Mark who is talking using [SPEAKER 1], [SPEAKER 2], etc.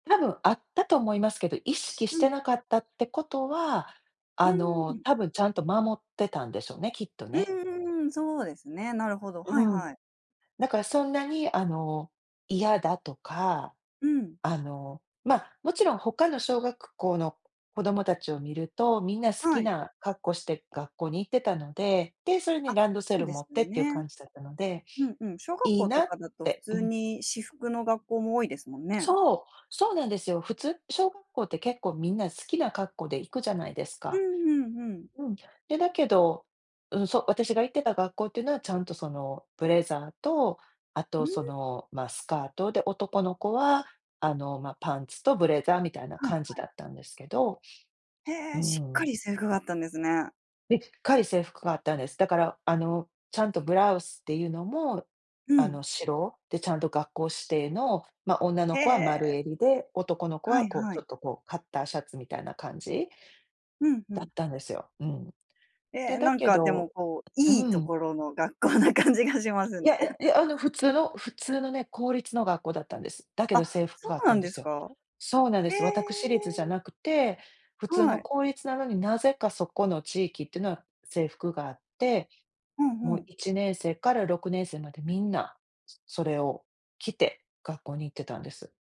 [SPEAKER 1] 多分あったと思いますけど、意識し
[SPEAKER 2] う
[SPEAKER 1] て
[SPEAKER 2] ん。
[SPEAKER 1] なかったってことは、
[SPEAKER 2] う
[SPEAKER 1] あ
[SPEAKER 2] ー
[SPEAKER 1] の、
[SPEAKER 2] ん。
[SPEAKER 1] 多分ちゃんと守ってたんでしょうね、きっと
[SPEAKER 2] う
[SPEAKER 1] ね。
[SPEAKER 2] んうんうん。そうですね、なるほど、は
[SPEAKER 1] う
[SPEAKER 2] い
[SPEAKER 1] ん。
[SPEAKER 2] はい。
[SPEAKER 1] だからそんなにあの嫌だとか
[SPEAKER 2] うん。
[SPEAKER 1] あの、ま、もちろん他の小学校の子供たちを見ると、みんな好き
[SPEAKER 2] はい。
[SPEAKER 1] な格好して学校に行ってたので。で、それに
[SPEAKER 2] あ、
[SPEAKER 1] ランドセ
[SPEAKER 2] そう
[SPEAKER 1] ル
[SPEAKER 2] で
[SPEAKER 1] 持
[SPEAKER 2] す
[SPEAKER 1] っ
[SPEAKER 2] よ
[SPEAKER 1] ていう
[SPEAKER 2] ね。
[SPEAKER 1] 感じだったので
[SPEAKER 2] うん、うん。小学
[SPEAKER 1] 「いい
[SPEAKER 2] 校と
[SPEAKER 1] な」っ
[SPEAKER 2] かだと普
[SPEAKER 1] てう
[SPEAKER 2] 通
[SPEAKER 1] ん。
[SPEAKER 2] に私服の学校も多いですもんね。
[SPEAKER 1] そう、そうなんですよ。普通小学校って結構みんな好きな格好で行くじゃないです
[SPEAKER 2] う
[SPEAKER 1] か。
[SPEAKER 2] んうんうん。
[SPEAKER 1] うん。で、だけど、うん、そう私が行ってた学校っていうのはちゃんとそのブレザーと、あ
[SPEAKER 2] うー
[SPEAKER 1] と、そ
[SPEAKER 2] ん。
[SPEAKER 1] の、ま、スカートで男の子は、あの、ま、パンツとブレザーみたいな
[SPEAKER 2] はい、
[SPEAKER 1] 感じ
[SPEAKER 2] はい。
[SPEAKER 1] だったんですけど
[SPEAKER 2] へ
[SPEAKER 1] うー
[SPEAKER 2] え、しっか
[SPEAKER 1] ん。
[SPEAKER 2] り制服があったんですね。
[SPEAKER 1] でっかい制服があったんです。だから、あの、ちゃんとブラウスっていうのも、
[SPEAKER 2] う
[SPEAKER 1] あ
[SPEAKER 2] ん。
[SPEAKER 1] の、白でちゃんと学校指定の、ま、女の
[SPEAKER 2] へ
[SPEAKER 1] 子は丸
[SPEAKER 2] え。
[SPEAKER 1] 襟で男の子
[SPEAKER 2] は
[SPEAKER 1] は、
[SPEAKER 2] い
[SPEAKER 1] こう、
[SPEAKER 2] は
[SPEAKER 1] ちょ
[SPEAKER 2] い。
[SPEAKER 1] っと、こう、カッターシャツみたいな感じ
[SPEAKER 2] うん、ふ
[SPEAKER 1] だっ
[SPEAKER 2] ん。
[SPEAKER 1] たんですよ。うん。
[SPEAKER 2] え
[SPEAKER 1] で、
[SPEAKER 2] え、
[SPEAKER 1] だ
[SPEAKER 2] なん
[SPEAKER 1] け
[SPEAKER 2] かで
[SPEAKER 1] ど
[SPEAKER 2] も、こう、
[SPEAKER 1] う
[SPEAKER 2] いいと
[SPEAKER 1] ーん。
[SPEAKER 2] ころの学校な感じがします
[SPEAKER 1] いや
[SPEAKER 2] ね。
[SPEAKER 1] いやい や、あの普通の普通のね、公立の学校だったんです。だけ
[SPEAKER 2] あ、
[SPEAKER 1] ど制服
[SPEAKER 2] そ
[SPEAKER 1] があっ
[SPEAKER 2] うな
[SPEAKER 1] たん
[SPEAKER 2] ん
[SPEAKER 1] で
[SPEAKER 2] です
[SPEAKER 1] すよ。
[SPEAKER 2] か？
[SPEAKER 1] そうなんで
[SPEAKER 2] え
[SPEAKER 1] す。私立じゃ
[SPEAKER 2] え。
[SPEAKER 1] なくて、普通
[SPEAKER 2] は
[SPEAKER 1] の
[SPEAKER 2] い。
[SPEAKER 1] 公立なのになぜかそこの地域ってのは制服があって、
[SPEAKER 2] うん、ふ
[SPEAKER 1] もう
[SPEAKER 2] ん。
[SPEAKER 1] 1年生から6年生までみんな、それを着て学校に行ってたんです。